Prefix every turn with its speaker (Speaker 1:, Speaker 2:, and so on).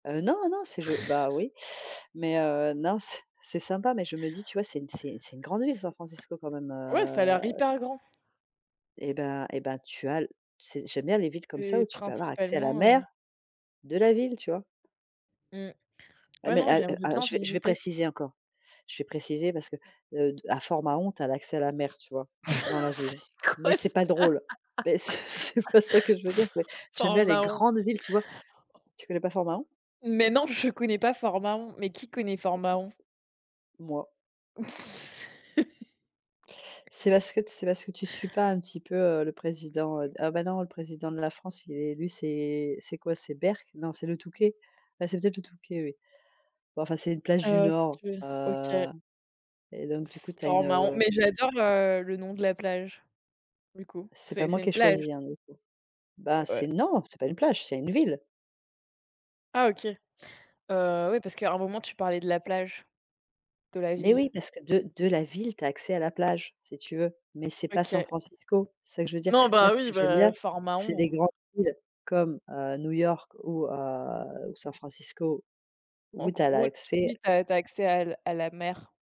Speaker 1: Heu, non, non, c'est je bah oui, mais, heu, non, c'est c'est sympa, mais je me dis: «Tu vois? C'est une c'est c'est une grande ville San Francisco quand même»,
Speaker 2: Ouais, ça a
Speaker 1: heu,
Speaker 2: l'air
Speaker 1: c
Speaker 2: hyper grand.
Speaker 1: eh ben eh ben, tu as l c'est j'aime bien les villes comme ça,
Speaker 2: C'est
Speaker 1: où tu peux avoir accès à la
Speaker 2: principalement,
Speaker 1: mer,
Speaker 2: heu
Speaker 1: de la ville, tu vois?
Speaker 2: Mmh.
Speaker 1: Ah
Speaker 2: Ouais
Speaker 1: mais
Speaker 2: non,
Speaker 1: al
Speaker 2: j'aimerais
Speaker 1: ah
Speaker 2: bien
Speaker 1: je je vais
Speaker 2: visiter.
Speaker 1: préciser encore, je vais préciser parce que, heu, à Fort-Mahon, tu as l'accès à la mer, tu vois? Dans la
Speaker 2: C'est
Speaker 1: ville.
Speaker 2: quoi
Speaker 1: Mais c'est
Speaker 2: ça?
Speaker 1: pas drôle, beh, c'est c'est pas ça que je veux dire,
Speaker 2: F
Speaker 1: c'est
Speaker 2: Fort
Speaker 1: j'aime
Speaker 2: en
Speaker 1: bien les
Speaker 2: Mahon.
Speaker 1: grandes villes, tu vois? Tu connais pas Fort-Mahon?
Speaker 2: Mais non, je connais pas Fort-Mahon. Mais qui connaît Fort-Mahon?
Speaker 1: Moi C'est parce que c'est parce que tu suis pas un petit peu, heu, le président, heu ah bah non le président de la France, il est élu. C'est c'est quoi, c'est Berck? Non, c'est le Touquet. Ah, c'est peut-être le Touquet, oui. Ouais enfin, c'est une plage du
Speaker 2: Ah,
Speaker 1: nord.
Speaker 2: excuse, OK.
Speaker 1: Heu et donc, du coup
Speaker 2: S
Speaker 1: tu as une
Speaker 2: Fort-Mahon. Mais j'adore, heu, le nom de la plage du coup,
Speaker 1: C'est pas
Speaker 2: c'est
Speaker 1: moi
Speaker 2: c'est
Speaker 1: qui ai
Speaker 2: une plage?
Speaker 1: choisi, hein, du coup. Bah, c'est
Speaker 2: Ouais.
Speaker 1: non, c'est pas une plage, c'est une ville.
Speaker 2: Ah OK. Heu, oui parce qu'à un moment, tu parlais de la plage, de la
Speaker 1: Mais
Speaker 2: ville?
Speaker 1: oui, parce que de de la ville, tu as accès à la plage, si tu veux, mais c'est pas
Speaker 2: OK.
Speaker 1: San Francisco, c'est ça que je veux dire.
Speaker 2: Non,
Speaker 1: Moi
Speaker 2: bah
Speaker 1: ce
Speaker 2: oui,
Speaker 1: que j'aime
Speaker 2: bah,
Speaker 1: bien, c'est
Speaker 2: Fort-Mahon.
Speaker 1: des grandes villes comme, heu, New-York ou, heu, San Francisco,
Speaker 2: En
Speaker 1: où tu as
Speaker 2: gros, tout de
Speaker 1: l'accès
Speaker 2: suite, tu as tu as accès à l à la mer.